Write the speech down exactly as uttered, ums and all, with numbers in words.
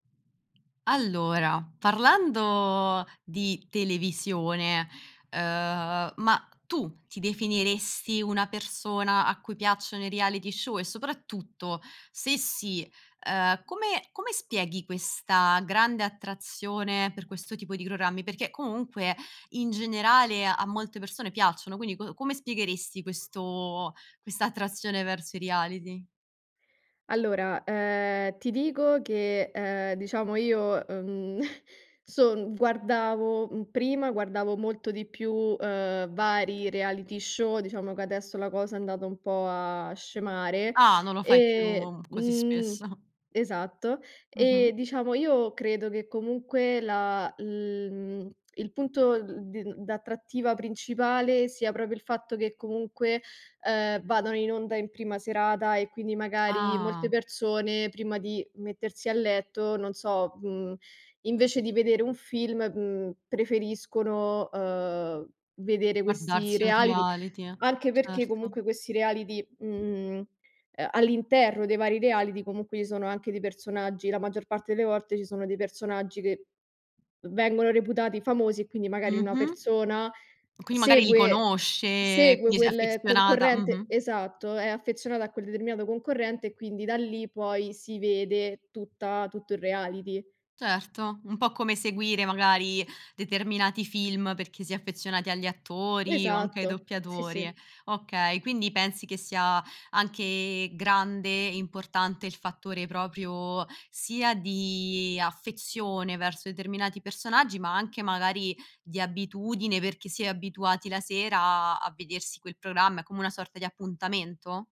Allora, parlando di televisione, uhm, ma tu ti definiresti una persona a cui piacciono i reality show? E soprattutto se sì, uhm, come come spieghi questa grande attrazione per questo tipo di programmi? peché, comunque, in generale a molte persone piacciono, quindi co come spiegheresti questo questa attrazione verso i reality? Allora, uhm, ti dico che, uhm, diciamo io, uhm, son guardavo mhmm, prima guardavo molto di più, uhm, vari reality show, diciamo che adesso la cosa è andata un po' a scemare, Ah, non lo fai e più così mhmm spesso. Esatto. Mh-mh. Eh, diciamo, io credo che comunque la l mhmm, il punto, uhm, d d'attrattiva principale sia proprio il fatto che comunque, uhm, vadano in onda in prima serata, e quindi magari molte Ah. persone prima di mettersi a letto, non so, mhmm, invece di vedere un film, mhmm, preferiscono, uhm, vedere questi Guardarsi un reality. reality. Anche perché Certo. comunque questi reality mhmm, uhm, all'interno dei vari reality, comunque ci sono anche dei personaggi la maggior parte delle volte ci sono dei personaggi che vengono reputati famosi e quindi magari una Mh-mh. persona Quindi, magari, li segue conosce, segue quindi s'è quel affezionata concorrente Mh-mh. Esatto. È affezionata a quel determinato concorrente, e quindi da lì poi si vede tutta tutto il reality. Certo. Un po' come seguire, magari, determinati film perché si è affezionati agli attori, o anche ai Esatto. Sì, doppiatori. sì. Okay. Quindi, pensi che sia anche grande e importante il fattore proprio sia di affezione verso determinati personaggi, ma anche, magari, di abitudine perché si è abituati la sera a a a vedersi quel programma, è come una sorta di appuntamento?